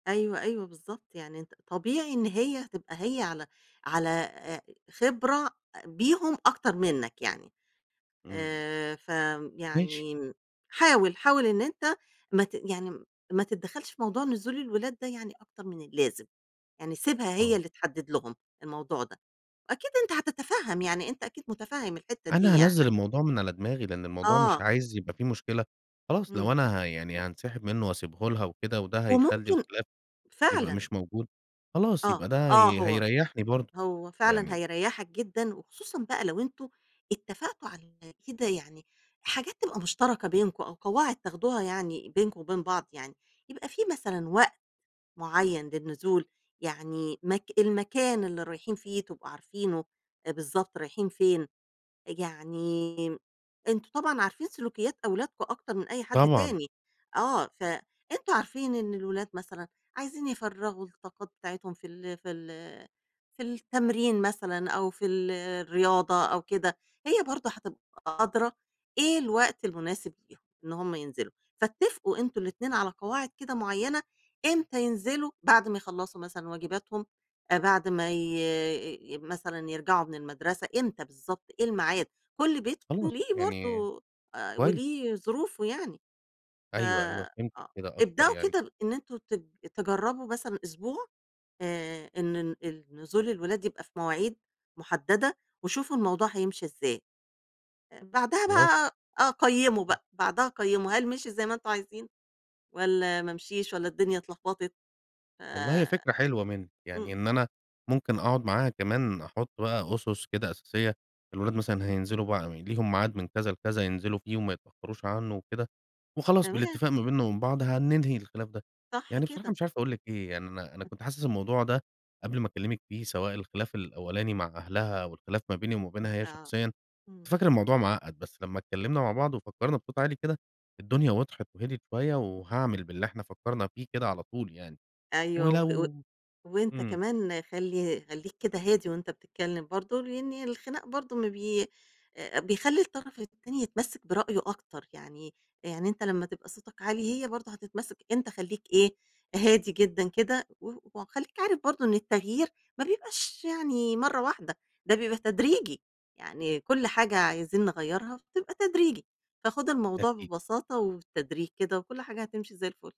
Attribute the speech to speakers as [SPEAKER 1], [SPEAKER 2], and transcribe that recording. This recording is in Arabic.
[SPEAKER 1] أيوه، أيوه بالضبط، يعني أنت طبيعي إن هي تبقى هي على على آآ خبرة بيهم أكتر منك يعني.
[SPEAKER 2] إمم.
[SPEAKER 1] آآ ف آمم
[SPEAKER 2] ماشي.
[SPEAKER 1] يعني حاول، حاول إن أنت ما ت يعني ما تتدخّلش في موضوع نزول الولاد ده يعني أكتر من اللازم، يعني سيبها هي
[SPEAKER 2] آه.
[SPEAKER 1] اللي تحدد لهم الموضوع ده، أكيد أنت هتتفهّم يعني أنت أكيد متفهّم الحتّه دي
[SPEAKER 2] أنا هانزِّل
[SPEAKER 1] يعني.
[SPEAKER 2] الموضوع من على دماغي، لإن الموضوع مش
[SPEAKER 1] آه.
[SPEAKER 2] عايز يبقى في مشكلة، خلاص لو
[SPEAKER 1] إمم.
[SPEAKER 2] أنا ه يعني هانسحب منه واسيبه لها وكده، وده هيخلّي
[SPEAKER 1] وممكن
[SPEAKER 2] الخلاف يبقى
[SPEAKER 1] فعلًا.
[SPEAKER 2] مش موجود، خلاص
[SPEAKER 1] آه،
[SPEAKER 2] يبقى ده
[SPEAKER 1] آه،
[SPEAKER 2] هي
[SPEAKER 1] هو
[SPEAKER 2] هيريّحني برضه،
[SPEAKER 1] هو فعلًا
[SPEAKER 2] يعني
[SPEAKER 1] هيريّحك جدًا، وخصوصًا بقى لو أنتم اتفقتم على كده يعني حاجات تبقى مشتركة بينكم أو قواعد تاخدوها يعني بينكم وبين بعض يعني. يبقى في مثلًا وقت معيّن للنزول، يعني مك المكان اللي رايحين فيه تبقوا عارفينه، بالضبط رايحين فين، يعني أنتم طبعًا عارفين سلوكيات أولادكم أكتر من أي حد
[SPEAKER 2] طبعًا.
[SPEAKER 1] تاني، آه فأنتم عارفين إن الولاد مثلًا عايزين يفرّغوا الطاقات بتاعتهم في ال في ال في التمرين مثلًا أو في ال الرياضة أو كده، هي برضه هتبقى أدرى إيه الوقت المناسب ليهم إن هُم ينزلوا، فاتفقوا أنتم الإتنين على قواعد كده معيّنة، إمتى ينزلوا بعد ما يخلّصوا مثلًا واجباتهم، بعد ما ي مثلًا يرجعوا من المدرسة إمتى بالضبط، إيه الميعاد؟ كلّ بيت
[SPEAKER 2] خلاص،
[SPEAKER 1] وليه
[SPEAKER 2] يعني
[SPEAKER 1] برضه آآ
[SPEAKER 2] كويس.
[SPEAKER 1] وليه ظروفه يعني، ف
[SPEAKER 2] أيوه، أيوه،
[SPEAKER 1] آه،
[SPEAKER 2] فهمتِك كده أكتر،
[SPEAKER 1] ابدأوا
[SPEAKER 2] يعني
[SPEAKER 1] كده إن أنتم ت تجرّبوا مثلًا أسبوع آآ إن ن ال نزول الولاد يبقى في مواعيد محددة، وشوفوا الموضوع هيمشي إزاي، بعدها
[SPEAKER 2] خلاص.
[SPEAKER 1] بقى آه قيّموا
[SPEAKER 2] إمم.
[SPEAKER 1] بقى، بعدها قيّموا هل مشي زي ما أنتم عايزين، والّا ما مشيش، والّا الدنيا اتلخبطِت؟
[SPEAKER 2] والله هي
[SPEAKER 1] آآ
[SPEAKER 2] فكرة حلوة منِك،
[SPEAKER 1] إمم.
[SPEAKER 2] يعني إن أنا ممكن أقعد معاها كمان أحط بقى أُسس كده اساسية، الولاد مثلًا هينزلوا بقى ليهم ميعاد من كذا لكذا ينزلوا فيه وما يتأخروش عنه وكده، وخلاص
[SPEAKER 1] تمام.
[SPEAKER 2] بالإتفاق ما بيننا وبين بعض هننهي الخلاف ده.
[SPEAKER 1] صح
[SPEAKER 2] يعني بصراحة
[SPEAKER 1] كده.
[SPEAKER 2] مش عارف أقُول لِك إيه يعني أنا أنا
[SPEAKER 1] [unintelligible]
[SPEAKER 2] كنت حاسس الموضوع ده، قبل ما أكلمِك فيه سواء الخلاف الأولاني مع أهلها والخلاف ما بيني وما بينها هي
[SPEAKER 1] آه،
[SPEAKER 2] شخصيًا، كنت
[SPEAKER 1] إمم.
[SPEAKER 2] فاكر الموضوع معقّد بس لمّا اتكلّمنا مع بعض وفكّرنا بصوت عالي كده، الدنيا وضحت وهديِت شوية، وهاعمِل باللي إحنا فكّرنا فيه كده على طول يعني،
[SPEAKER 1] أيوه، وه و
[SPEAKER 2] ولو
[SPEAKER 1] وأنت
[SPEAKER 2] إمم.
[SPEAKER 1] كمان خلّي خلّيك كده هادي وأنت بتتكلّم برضه، لإن الخِناق برضه ما بي آآ بيخلّي الطرف التاني يتمسّك برأيه أكتر، يعني يعني أنت لمّا تبقى صوتك عالي هي برضه هتتمسّك، أنت خلّيك إيه، هادي جدًا كده و وخلّيك عارف برضه إن التغيير ما بيبقاش يعني مَرّة واحدة، ده بيبقى تدريجي، يعني كلّ حاجة عايزين نغيّرها بتبقى تدريجي. فخُد الموضوع
[SPEAKER 2] أكيد.
[SPEAKER 1] ببساطة وبالتدريج كده، وكلّ حاجة هتمشي زي الفُل.